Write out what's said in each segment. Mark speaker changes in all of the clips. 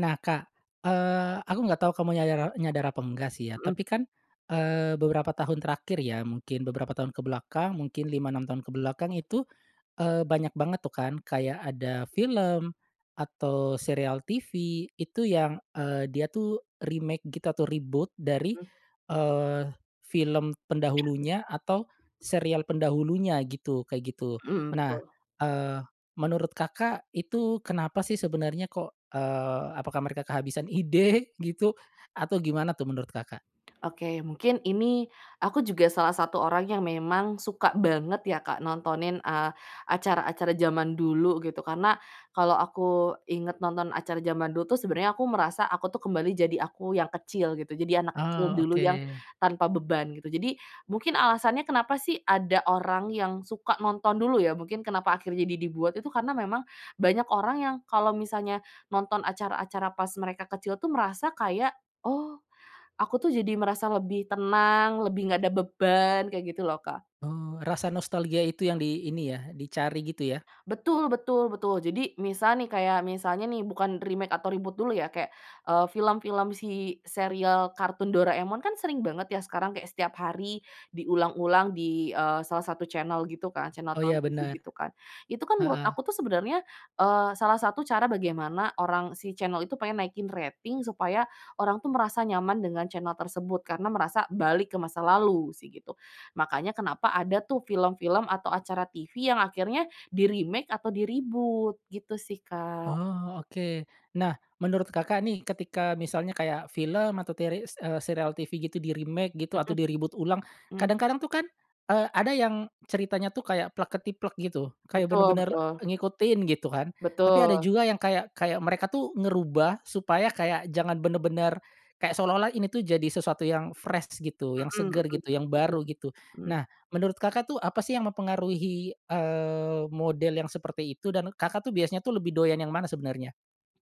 Speaker 1: Nah, Kak, eee, aku nggak tahu kamu nyada nyadar apa enggak, sih, ya.
Speaker 2: Heeh.
Speaker 1: Tapi, kan, eee, beberapa tahun terakhir, ya, mungkin beberapa tahun ke belakang, mungkin 5, 6 tahun ke belakang itu, eee, banyak banget, tuh, kan, kayak ada film atau serial TV, itu yang, eee, dia, tuh, remake gitu atau reboot dari,
Speaker 2: Mmm.
Speaker 1: eee, film pendahulunya atau serial pendahulunya gitu, kayak gitu.
Speaker 2: Mmm,
Speaker 1: Nah,
Speaker 2: betul.
Speaker 1: eee, menurut Kakak itu kenapa, sih, sebenarnya, kok, eee, apakah mereka kehabisan ide gitu atau gimana, tuh, menurut Kakak?
Speaker 2: Oke, mungkin ini, aku juga salah satu orang yang memang suka banget, ya, Kak, nontonin, eee, acara-acara zaman dulu gitu, karena kalau aku ingat nonton acara zaman dulu, tuh, sebenarnya aku merasa, aku, tuh, kembali jadi aku yang kecil gitu, jadi anak kecil
Speaker 1: Oh,
Speaker 2: dulu
Speaker 1: oke.
Speaker 2: yang tanpa beban gitu. Jadi, mungkin alasannya kenapa, sih, ada orang yang suka nonton dulu, ya, mungkin kenapa akhirnya jadi dibuat itu karena memang banyak orang yang kalau misalnya nonton acara-acara pas mereka kecil, tuh, merasa kayak, "Oh, aku, tuh, jadi merasa lebih tenang, lebih enggak ada beban." Kayak gitu, loh, Kak.
Speaker 1: Oh, rasa nostalgia itu yang di ini, ya, dicari gitu, ya.
Speaker 2: Betul betul betul. Jadi misal, nih, kayak misalnya, nih, bukan remake atau reboot dulu, ya. Kayak, eee, film-film si serial kartun Doraemon, kan, sering banget, ya, sekarang kaya setiap hari diulang-ulang di, eee, salah satu channel gitu, kan. Channel
Speaker 1: Oh, ya,
Speaker 2: televisi
Speaker 1: bener.
Speaker 2: gitu, kan. Itu, kan, menurut
Speaker 1: Heeh.
Speaker 2: aku, tuh, sebenarnya, eee, salah satu cara bagaimana orang si channel itu pengen naikin rating supaya orang, tuh, merasa nyaman dengan channel tersebut, karena merasa balik ke masa lalu, sih, gitu. Makanya kenapa ada, tuh, film-film atau acara TV yang akhirnya di-remake atau di-reboot gitu, sih, Kak.
Speaker 1: Oh, oke. Nah, menurut Kakak, nih, ketika misalnya kayak film atau teres eee, serial TV gitu di-remake gitu
Speaker 2: Heeh.
Speaker 1: atau di-reboot ulang,
Speaker 2: Mhm.
Speaker 1: kadang-kadang, tuh, kan, eee, ada yang ceritanya, tuh, kayak plek ketiplek gitu, kayak
Speaker 2: Betul
Speaker 1: benar-benar
Speaker 2: betul.
Speaker 1: ngikutin, gitu, kan. Tapi ada
Speaker 2: Betul.
Speaker 1: juga yang kayak kayak mereka, tuh, ngerubah supaya kayak jangan benar-benar, kayak seolah-olah ini, tuh, jadi sesuatu yang fresh gitu, yang
Speaker 2: Hmm, heeh,
Speaker 1: seger gitu, yang
Speaker 2: hmm,
Speaker 1: baru gitu.
Speaker 2: mhm.
Speaker 1: Nah, menurut Kakak, tuh, apa, sih, yang mempengaruhi, eee, model yang seperti itu dan Kakak, tuh, biasanya, tuh, lebih doyan yang mana sebenarnya?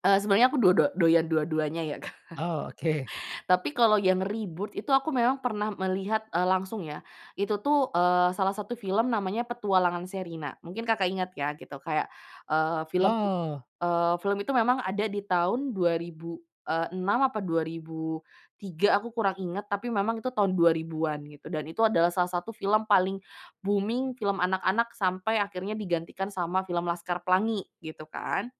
Speaker 2: Eee, sebenarnya aku do do doyan dua-duanya, ya, Kak.
Speaker 1: Oh, oke.
Speaker 2: Tapi kalau yang reboot itu aku memang pernah melihat, eee, langsung, ya. Itu, tuh, eee, salah satu film namanya Petualangan Sherina, mungkin Kakak ingat, ya, gitu. Kayak, eee, film,
Speaker 1: Oh.
Speaker 2: eee, film itu memang ada di tahun 2006 apa 2003 aku kurang ingat, tapi memang itu tahun 2000-an gitu, dan itu adalah salah satu film paling booming, film anak-anak sampai akhirnya digantikan sama film Laskar Pelangi gitu, kan.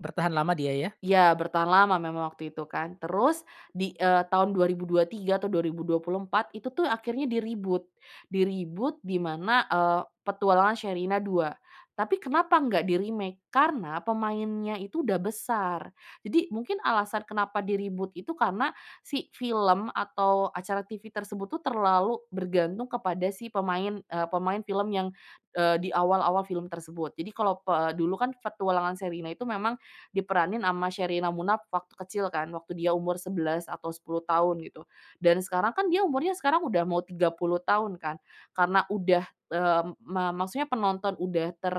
Speaker 1: Bertahan lama dia, ya.
Speaker 2: Ya, bertahan lama memang waktu itu, kan. Terus di, eee, tahun 2023 atau 2024 itu, tuh, akhirnya di-reboot. Di-reboot dimana, eee, Petualangan Sherina Dua. Tapi kenapa enggak di-remake, karena pemainnya itu udah besar. Jadi mungkin alasan kenapa di-reboot itu karena, si film atau acara TV tersebut, tuh, terlalu bergantung kepada si pemain, eee, pemain film yang, eee, di awal-awal film tersebut. Jadi kalau pe dulu, kan, Petualangan Sherina itu memang diperanin sama Sherina Munaf waktu kecil, kan, waktu dia umur 11 atau 10 tahun gitu, dan sekarang, kan, dia umurnya sekarang udah mau 30 tahun, kan, karena udah, eee, ma maksudnya penonton udah ter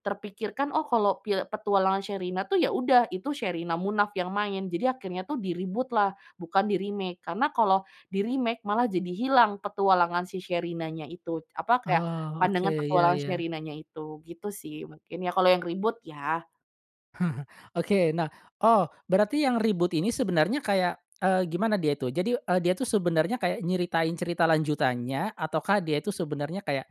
Speaker 2: terpikirkan, oh, kalau pi Petualangan Sherina, tuh, ya, udah itu Sherina Munaf yang main, jadi akhirnya, tuh, di-reboot lah, bukan di-remake, karena kalau di-remake malah jadi hilang petualangan si Sherina-nya itu. Apa kayak,
Speaker 1: Oh, oke.
Speaker 2: pandangan
Speaker 1: Ya
Speaker 2: Petualangan
Speaker 1: ya.
Speaker 2: Sherinanya itu, gitu, sih. Mungkin, ya, kalau yang reboot, ya.
Speaker 1: Oke, nah, oh, berarti yang reboot ini sebenarnya kayak, eee, gimana dia itu. Jadi, eee, dia, tuh, sebenarnya kayak nyeritain cerita lanjutannya atau kah dia itu sebenarnya kayak,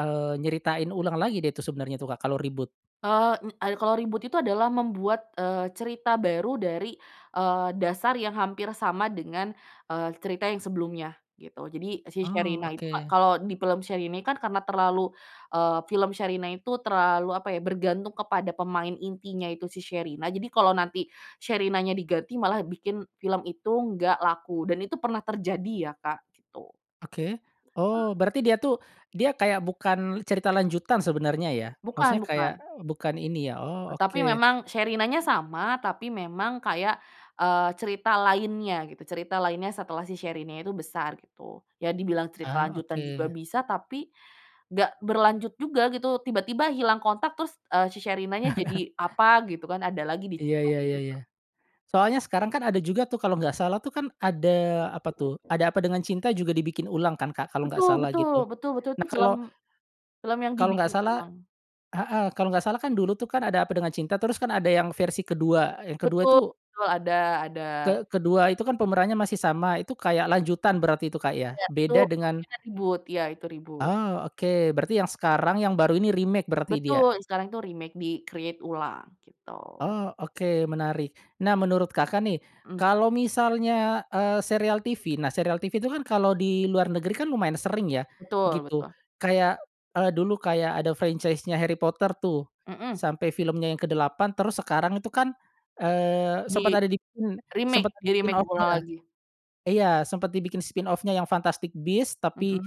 Speaker 1: eee, nyeritain ulang lagi, deh, itu sebenarnya, tuh, Kak, kalau reboot?
Speaker 2: Eee, nye kalau reboot itu adalah membuat, eee, cerita baru dari, eee, dasar yang hampir sama dengan, eee, cerita yang sebelumnya, gitu. Jadi si
Speaker 1: Oh,
Speaker 2: Sherina itu
Speaker 1: oke.
Speaker 2: kalau di film Sherina, kan, karena terlalu, eee, film Sherina itu terlalu apa, ya, bergantung kepada pemain intinya itu si Sherina, jadi kalau nanti Sherinanya diganti malah bikin film itu nggak laku dan itu pernah terjadi, ya, Kak, gitu..
Speaker 1: Oke. Oh,
Speaker 2: [unintelligible]
Speaker 1: berarti dia, tuh, dia kayak bukan cerita lanjutan sebenarnya, ya.
Speaker 2: Bukan
Speaker 1: Maksudnya kayak
Speaker 2: bukan.
Speaker 1: bukan ini, ya. Oh,
Speaker 2: Tapi
Speaker 1: oke.
Speaker 2: memang Sherinanya sama, tapi memang kayak, eee, cerita lainnya gitu. Cerita lainnya setelah si Sherinanya itu besar gitu. Ya, dibilang cerita
Speaker 1: Ah,
Speaker 2: lanjutan juga
Speaker 1: oke.
Speaker 2: bisa tapi, gak berlanjut juga gitu. Tiba-tiba hilang kontak terus, eee, si Sherinanya jadi apa gitu, kan, ada lagi
Speaker 1: Iya iya
Speaker 2: diceritain
Speaker 1: iya
Speaker 2: gitu.
Speaker 1: iya. Soalnya sekarang, kan, ada juga, tuh, kalau enggak salah, tuh, kan, ada apa, tuh, Ada Apa Dengan Cinta juga dibikin ulang, kan, Kak, kalau enggak
Speaker 2: Betul
Speaker 1: salah
Speaker 2: betul,
Speaker 1: gitu.
Speaker 2: betul betul itu
Speaker 1: Nah, kalau
Speaker 2: film film yang
Speaker 1: kalau enggak
Speaker 2: dibikin
Speaker 1: salah
Speaker 2: ulang.
Speaker 1: heeh, kalau enggak salah, kan, dulu, tuh, kan, Ada Apa Dengan Cinta terus, kan, ada yang versi ke-2, yang ke-2
Speaker 2: Betul
Speaker 1: itu
Speaker 2: betul, ada ada.
Speaker 1: ke kedua itu, kan, pemerannya masih sama. Itu kayak lanjutan berarti itu, Kak, ya?
Speaker 2: Ya, itu
Speaker 1: Beda dengan
Speaker 2: kemungkinan reboot. Iya, itu reboot.
Speaker 1: Oh, oke. Berarti yang sekarang yang baru ini remake berarti dia?
Speaker 2: Betul, sekarang itu remake di-create ulang gitu.
Speaker 1: Oh, oke, menarik. Nah, menurut Kakak, nih,
Speaker 2: Mmm.
Speaker 1: kalau misalnya, eee, serial TV. Nah, serial TV itu, kan, kalau di luar negeri, kan, lumayan sering, ya,
Speaker 2: Betul
Speaker 1: gitu.
Speaker 2: betul.
Speaker 1: Kayak, eee, dulu kayak ada franchise-nya Harry Potter, tuh,
Speaker 2: Mmm.
Speaker 1: sampai filmnya yang ke-8 terus sekarang itu, kan, eee, sempat ada di pin sempet
Speaker 2: Di-remake
Speaker 1: [unintelligible] spin
Speaker 2: di-remake ulang
Speaker 1: off-nya.
Speaker 2: lagi.
Speaker 1: Iya, sempet dibikin spin off-nya yang Fantastic Beast tapi,
Speaker 2: Mmm.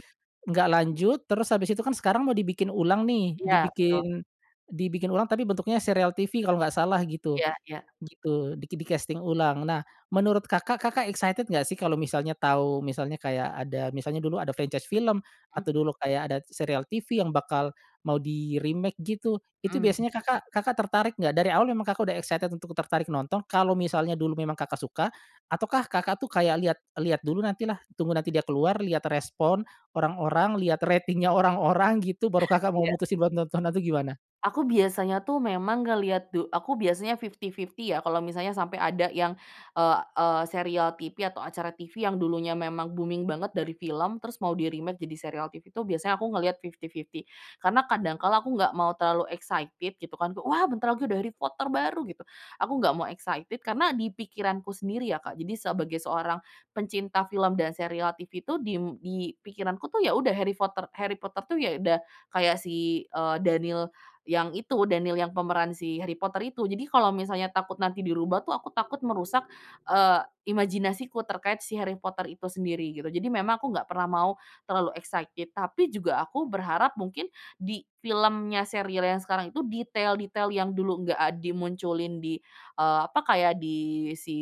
Speaker 1: nggak lanjut, terus habis itu, kan, sekarang mau dibikin ulang, nih.
Speaker 2: Iya, betul.
Speaker 1: Dibikin, dibikin ulang tapi bentuknya serial TV kalau nggak salah gitu,
Speaker 2: Iya iya.
Speaker 1: gitu di di-casting ulang. Nah, menurut Kakak, Kakak excited nggak, sih, kalau misalnya tahu, misalnya kayak ada misalnya dulu ada franchise film
Speaker 2: Mmm.
Speaker 1: atau dulu kayak ada serial TV yang bakal mau di-remake gitu, itu
Speaker 2: Mmm.
Speaker 1: biasanya Kakak, Kakak tertarik nggak? Dari awal emang Kakak udah excited untuk tertarik nonton kalau misalnya dulu memang Kakak suka ataukah Kakak, tuh, kayak lihat lihat dulu nanti lah tunggu nanti dia keluar lihat respon orang-orang lihat ratingnya orang-orang gitu, baru Kakak mau
Speaker 2: Iya.
Speaker 1: mutusin buat nonton atau gimana?
Speaker 2: Aku biasanya, tuh, memang ngelihat du aku biasanya fifty-fifty, ya, kalau misalnya sampai ada yang, eee eee, serial TV atau acara TV yang dulunya memang booming banget dari film, terus mau di-remake jadi serial TV itu biasanya aku ngelihat fifty-fifty, karena kadang kala aku enggak mau terlalu excited gitu, kan, "Wah, bentar lagi ada Harry Potter baru." Gitu. Aku nggak mau excited karena di pikiranku sendiri, ya, Kak, jadi sebagai seorang pencinta film dan serial TV itu, diem di pikiranku, tuh, ya, udah Harry Potter Harry Potter, tuh, ya, udah kayak si, eee, Daniel yang itu, Daniel yang pemeran si Harry Potter itu. Jadi kalau misalnya takut nanti dirubah, tuh, aku takut merusak, eee, imajinasiku terkait si Harry Potter itu sendiri gitu. Jadi memang aku nggak pernah mau terlalu excited tapi juga aku berharap mungkin di filmnya serial yang sekarang itu detail-detail yang dulu nggak ad dimunculin di, eee, apa kayak di si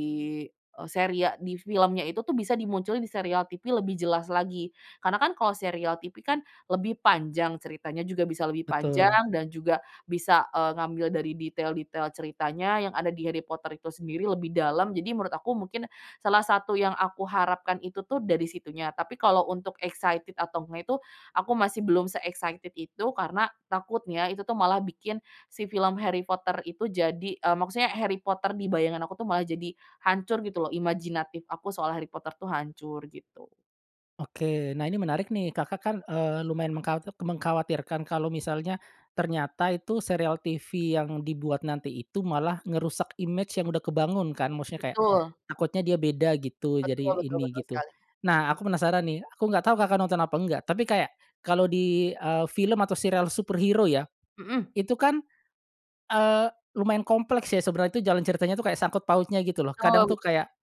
Speaker 2: serial di filmnya itu, tuh, bisa dimunculin di serial TV lebih jelas lagi. Karena, kan, kalau serial TV, kan, lebih panjang ceritanya, juga bisa lebih
Speaker 1: Betul.
Speaker 2: panjang dan juga bisa, eee, ngambil dari detail-detail ceritanya yang ada di Harry Potter itu sendiri lebih dalam. Jadi menurut aku mungkin salah satu yang aku harapkan itu, tuh, dari situnya, tapi kalau untuk excited atau ngga itu, aku masih belum se-excited itu, karena takutnya itu, tuh, malah bikin si film Harry Potter itu jadi, eee, maksudnya Harry Potter di bayangan aku, tuh, malah jadi hancur gitu, loh, imajinatif aku soal Harry Potter itu hancur gitu.
Speaker 1: Oke, nah, ini menarik, nih. Kakak, kan, eee, lumayan mengka mengkhawatirkan kalau misalnya, ternyata itu serial TV yang dibuat nanti itu malah ngerusak imej yang udah kebangun, kan, maksudnya kayak,
Speaker 2: Betul.
Speaker 1: takutnya dia beda gitu, jadi
Speaker 2: Betul betul
Speaker 1: ini
Speaker 2: betul
Speaker 1: gitu.
Speaker 2: sekali.
Speaker 1: Nah, aku penasaran, nih, aku nggak tahu Kakak nonton apa enggak, tapi kayak kalau di, eee, film atau serial superhero, ya.
Speaker 2: Heeh.
Speaker 1: Itu, kan, eee, lumayan kompleks, ya, sebenarnya itu jalan ceritanya, tuh, kayak sangkut pautnya gitu, loh, kadang,
Speaker 2: Betul
Speaker 1: tuh,
Speaker 2: itu.
Speaker 1: kayak,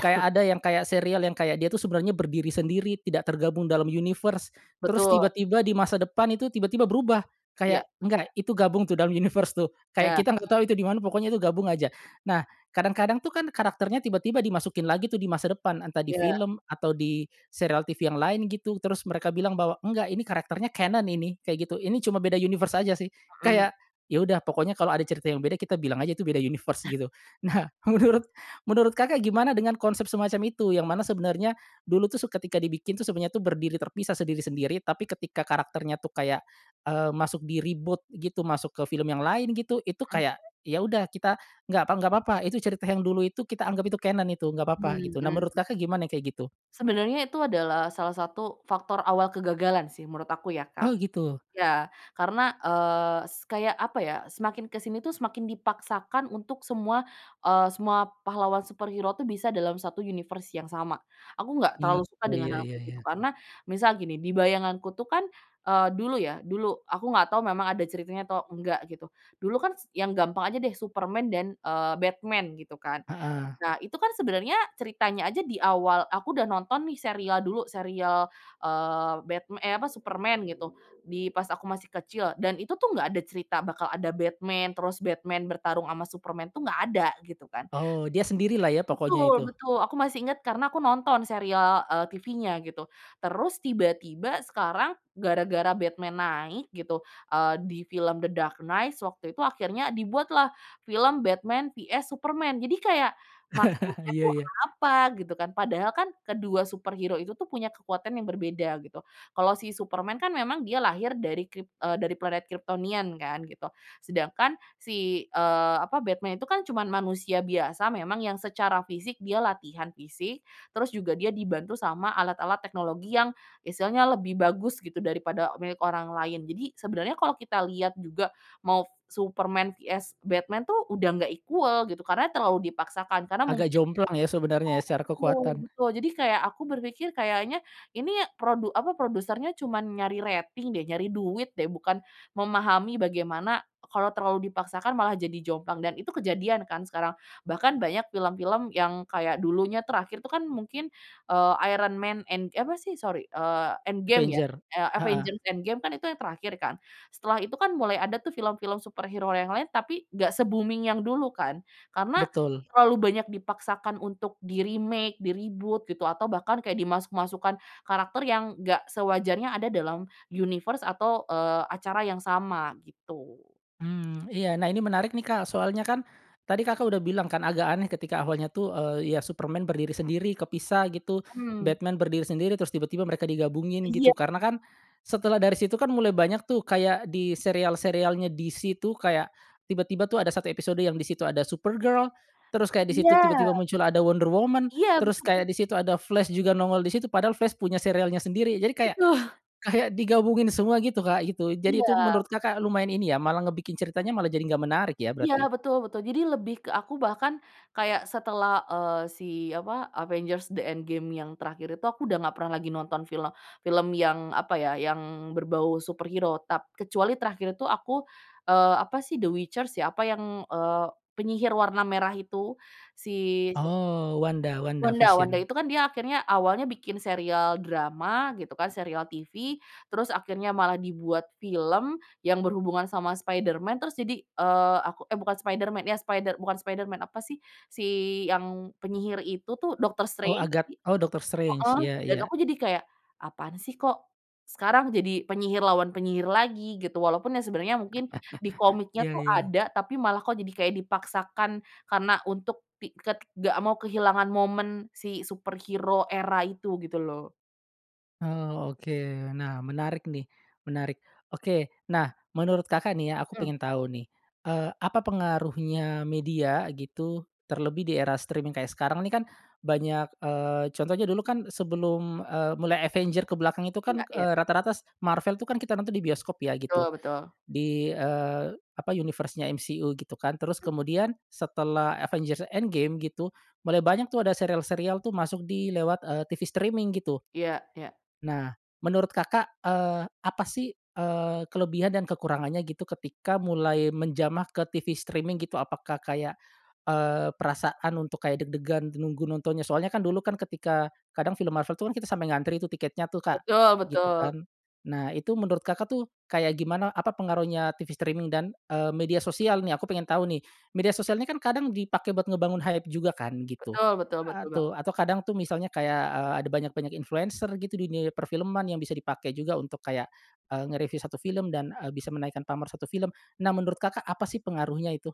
Speaker 1: kayak ada yang kayak serial yang kayak dia, tuh, sebenarnya berdiri sendiri tidak tergabung dalam universe. Terus
Speaker 2: Betul.
Speaker 1: tiba-tiba di masa depan itu tiba-tiba berubah,
Speaker 2: Iya.
Speaker 1: kayak enggak itu gabung, tuh, dalam universe, tuh. Kayak
Speaker 2: Ya.
Speaker 1: kita nggak tahu itu dimana pokoknya itu gabung aja. Nah, kadang-kadang, tuh, kan, karakternya tiba-tiba dimasukin lagi, tuh, di masa depan, entah di
Speaker 2: Ya.
Speaker 1: film atau di serial TV yang lain gitu, terus mereka bilang bahwa, "Enggak ini karakternya canon ini." Kayak gitu, "Ini cuma beda universe aja, sih."
Speaker 2: Mhm.
Speaker 1: Kayak, "Ya, udah pokoknya kalau ada cerita yang beda, kita bilang aja itu beda universe gitu." Nah, menurut menurut Kakak gimana dengan konsep semacam itu, yang mana sebenarnya dulu, tuh, su ketika dibikin, tuh, sebenarnya berdiri terpisah sendiri-sendiri tapi ketika karakternya, tuh, kayak, eee, masuk di-reboot gitu, masuk ke film yang lain gitu, itu
Speaker 2: Mhm.
Speaker 1: kayak, "Ya, udah kita, nggak pa nggak papa itu cerita yang dulu itu kita anggap itu canon itu nggak papa gitu. Nah,
Speaker 2: Hmm.
Speaker 1: menurut Kakak gimana yang kayak gitu?
Speaker 2: Sebenarnya itu adalah salah satu faktor awal kegagalan, sih, menurut aku, ya, Kak.
Speaker 1: Oh, gitu.
Speaker 2: Ya, karena, eee, se kayak apa, ya, semakin ke sini, tuh, semakin dipaksakan untuk semua, eee, semua pahlawan superhero, tuh, bisa dalam satu universe yang sama. Aku enggak
Speaker 1: I
Speaker 2: terlalu suka
Speaker 1: oh,
Speaker 2: dengan
Speaker 1: ya
Speaker 2: hal
Speaker 1: ya
Speaker 2: kayak gitu,
Speaker 1: ya.
Speaker 2: karena misal gini, di bayanganku, tuh, kan, eee, dulu, ya, dulu, aku enggak tahu memang ada ceritanya atau enggak gitu. Dulu, kan, s yang gampang aja, deh, Superman dan, eee, Batman gitu, kan.
Speaker 1: Heeh.
Speaker 2: Nah, itu, kan, sebenarnya ceritanya aja di awal aku udah nonton, nih, serial dulu, serial, eee, Batman, eh, apa Superman gitu, di pas aku masih kecil dan itu, tuh, nggak ada cerita bakal ada Batman terus Batman bertarung sama Superman, tuh, nggak ada gitu, kan.
Speaker 1: Oh, dia sendirilah, ya, pokoknya
Speaker 2: Betul
Speaker 1: itu.
Speaker 2: betul. Aku masih ingat karena aku nonton serial, eee, TVnya gitu. Terus tiba-tiba sekarang gara-gara Batman naik gitu, eee, di film The Dark Knights waktu itu akhirnya dibuatlah film Batman vs Superman. Jadi kayak maksudnya,
Speaker 1: Iya
Speaker 2: tuh,
Speaker 1: iya.
Speaker 2: apa, gitu, kan. Padahal, kan, kedua superhero itu, tuh, punya kekuatan yang berbeda gitu. Kalau si Superman, kan, memang dia lahir dari krip eee, dari planet Kryptonian, kan, gitu. Sedangkan si, eee, apa Batman itu, kan, cuma manusia biasa memang yang secara fisik dia latihan fisik, terus juga dia dibantu sama alat-alat teknologi yang istilahnya lebih bagus gitu, daripada milik orang lain. Jadi, sebenarnya kalau kita lihat juga mau Superman vs Batman, tuh, udah nggak equal gitu, karena terlalu dipaksakan karena mungkin
Speaker 1: Agak jomplang, ya, sebenarnya, ya, secara
Speaker 2: iya, betul
Speaker 1: kekuatan.
Speaker 2: betul. Jadi kayak aku berpikir, kayaknya ini produ apa produsernya cuma nyari rating, deh, nyari duit, deh, bukan memahami bagaimana kalau terlalu dipaksakan malah jadi jomplang dan itu kejadian, kan, sekarang. Bahkan banyak film-film yang kayak dulunya terakhir itu, kan, mungkin, eee, Iron Man End apa, sih, sori, eee, Endgame, ya,
Speaker 1: Avengers,
Speaker 2: eee,
Speaker 1: heeh.
Speaker 2: Avengers Endgame, kan, itu yang terakhir, kan. Setelah itu, kan, mulai ada, tuh, film-film superhero yang lain, tapi nggak se-booming yang dulu, kan. Karena
Speaker 1: Betul.
Speaker 2: terlalu banyak dipaksakan untuk di-remake, di-reboot gitu atau bahkan kayak dimasuk-masukan karakter yang enggak sewajarnya ada dalam universe atau, eee, acara yang sama gitu.
Speaker 1: Hmm, iya. Nah, ini menarik, nih, Kak, soalnya, kan, tadi Kakak udah bilang, kan, agak aneh ketika awalnya, tuh, eee, ya, Superman berdiri sendiri kepisah gitu.
Speaker 2: Hmm.
Speaker 1: Batman berdiri sendiri terus tiba-tiba mereka digabungin
Speaker 2: Iya.
Speaker 1: gitu, karena, kan, setelah dari situ, kan, mulai banyak, tuh, kayak di serial-serialnya DC, tuh, kayak tiba-tiba, tuh, ada satu episode yang di situ ada Supergirl, terus kayak di situ tiba-tiba
Speaker 2: Iya.
Speaker 1: muncul ada Wonder Woman,
Speaker 2: Iya,
Speaker 1: terus
Speaker 2: betul, tuh.
Speaker 1: kayak di situ ada Flash juga nongol di situ padahal Flash punya serialnya sendiri, jadi kayak,
Speaker 2: Betul.
Speaker 1: kayak digabungin semua gitu, Kak, gitu. Jadi itu
Speaker 2: Iya.
Speaker 1: menurut Kakak lumayan ini, ya, malah ngebikin ceritanya malah jadi gak menarik, ya,
Speaker 2: Iya,
Speaker 1: berarti?
Speaker 2: betul betul. Jadi lebih ke aku bahkan kayak setelah, eee, si apa, Avengers The Endgame yang terakhir itu aku udah nggak pernah lagi nonton film film yang apa, ya, yang berbau superhero tap kecuali terakhir itu aku, eee, apa, sih, The Witcher, ya, apa yang, eee, penyihir warna merah itu si, siapa
Speaker 1: Oh, Wanda Wanda
Speaker 2: Wanda, Wanda
Speaker 1: Vision.
Speaker 2: itu, kan, dia akhirnya awalnya bikin serial drama gitu, kan, serial TV. Terus akhirnya malah dibuat film yang berhubungan sama Spiderman, terus jadi, eee, aku, eee, bukan Spiderman, ya, Spider bukan Spiderman apa, sih, si yang penyihir itu, tuh, Doctor
Speaker 1: Oh,
Speaker 2: Strange.
Speaker 1: agat
Speaker 2: Iya,
Speaker 1: oh, Doctor Strange,
Speaker 2: heeh,
Speaker 1: iya
Speaker 2: dan
Speaker 1: iya.
Speaker 2: aku jadi kayak, "Apaan, sih, kok, sekarang jadi penyihir lawan penyihir lagi." Gitu. Walaupun yang sebenarnya mungkin di komiknya,
Speaker 1: Iya
Speaker 2: tuh,
Speaker 1: iya.
Speaker 2: ada tapi malah, kok, jadi kayak dipaksakan karena untuk ti ke nggak mau kehilangan momen si superhero era itu gitu, loh.
Speaker 1: Oh, oke. Nah, menarik, nih, menarik. Oke, nah, menurut Kakak, nih, ya, aku
Speaker 2: Mhm.
Speaker 1: pengen tahu, nih. Eee, apa pengaruhnya media gitu, terlebih di era streaming kayak sekarang, nih, kan, banyak, eee, contohnya dulu, kan, sebelum, eee, mulai Avengers ke belakang itu,
Speaker 2: Gila,
Speaker 1: kan,
Speaker 2: ya.
Speaker 1: eee, rata-rata s Marvel itu, kan, kita nonton di bioskop, ya,
Speaker 2: Betul
Speaker 1: gitu.
Speaker 2: betul.
Speaker 1: Di, eee, apa universe-nya MCU gitu, kan. Terus kemudian setelah Avengers Endgame gitu, mulai banyak, tuh, ada serial-serial, tuh, masuk di lewat, eee, TV streaming gitu.
Speaker 2: Iya iya.
Speaker 1: Nah, menurut Kakak, eee, apa, sih, eee, kelebihan dan kekurangannya gitu, ketika mulai menjamah ke TV streaming gitu. Apakah kayak, eee, perasaan untuk kayak deg-degan nunggu nontonnya soalnya, kan, dulu, kan, ketika kadang film Marvel, tuh, kita sampai ngantri, tuh, tiketnya, tuh, Kak,
Speaker 2: Betul
Speaker 1: gitu,
Speaker 2: betul.
Speaker 1: kan. Nah, itu menurut Kakak, tuh, kayak gimana, apa pengaruhnya TV streaming dan, eee, media sosial, nih, aku pengen tahu, nih. Media sosialnya, kan, kadang dipakai buat ngebangun hype juga, kan, gitu,
Speaker 2: Betul betul betul banget.
Speaker 1: atu atau kadang, tuh, misalnya kayak, eee, ada banyak-banyak influenser gitu di dunia perfilman yang bisa dipakai juga untuk kayak eee, nge-review satu film dan, eee, bisa menaikkan pamor satu film. Nah, menurut Kakak apa, sih, pengaruhnya itu?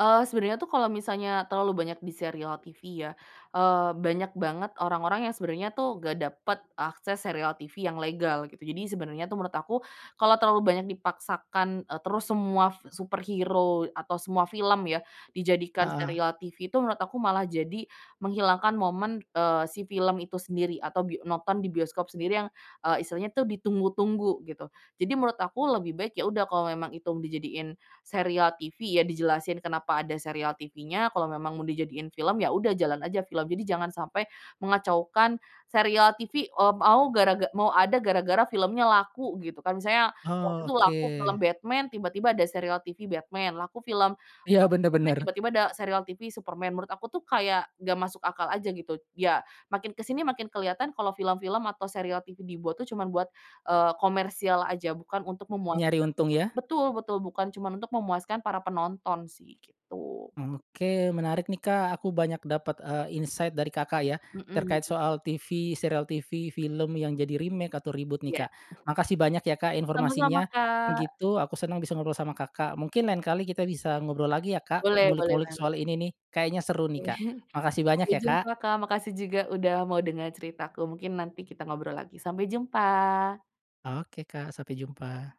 Speaker 2: Eee, sebenarnya, tuh, kalau misalnya terlalu banyak di serial TV, ya, eee, banyak banget orang-orang yang sebenarnya, tuh, nggak dapet akses serial TV yang legal gitu. Jadi sebenarnya, tuh, menurut aku kalau terlalu banyak dipaksakan, eee, terus semua superhero atau semua film, ya, dijadikan
Speaker 1: Heeh.
Speaker 2: serial TV, tuh, menurut aku malah jadi menghilangkan momen, eee, si film itu sendiri atau bi nonton di bioskop sendiri yang, eee, istilahnya, tuh, ditunggu-tunggu gitu. Jadi menurut aku lebih baik, ya, udah kalau memang itu mau dijadiin serial TV, ya, dijelasin kenapa ada serial TVnya, kalau memang mau dijadiin film, ya, udah jalan aja film. Jadi jangan sampai, mengacaukan serial TV, eee, mau garaga mau ada gara-gara filmnya laku gitu, kan. Misalnya, waktu
Speaker 1: Oh,
Speaker 2: itu laku film
Speaker 1: oke.
Speaker 2: Batman tiba-tiba ada serial TV Batman, laku film
Speaker 1: Iya, bener
Speaker 2: Superman
Speaker 1: bener.
Speaker 2: tiba-tiba ada serial TV Superman, menurut aku, tuh, kayak nggak masuk akal aja gitu. Ya, makin kesini makin kelihatan kalau film-film atau serial TV dibuat, tuh, cuman buat, eee, komersial aja bukan untuk memuaskan
Speaker 1: Nyari untung, ya.
Speaker 2: betul betul, bukan cuman untuk memuaskan para penonton, sih, gitu.
Speaker 1: Oke, menarik, nih, Kak. Aku banyak dapat, eee, insight dari Kakak, ya,
Speaker 2: Hmm.
Speaker 1: terkait soal TV, serial TV, film yang jadi remake atau reboot, nih,
Speaker 2: Iya.
Speaker 1: Kak. Makasih banyak, ya, Kak,
Speaker 2: Sama-sama,
Speaker 1: informasinya,
Speaker 2: Kak.
Speaker 1: gitu, aku senang bisa ngobrol sama Kakak. Mungkin lain kali kita bisa ngobrol lagi, ya, Kak,
Speaker 2: Boleh, boleh
Speaker 1: ngulik-ngulik
Speaker 2: banget.
Speaker 1: soal ini, nih, kayaknya seru, nih, Kak. Makasih banyak,
Speaker 2: Sampai
Speaker 1: ya,
Speaker 2: jumpa,
Speaker 1: Kak.
Speaker 2: Kak. Makasih juga udah mau denger ceritaku, mungkin nanti kita ngobrol lagi. Sampai jumpa.
Speaker 1: Oke, Kak, sampai jumpa.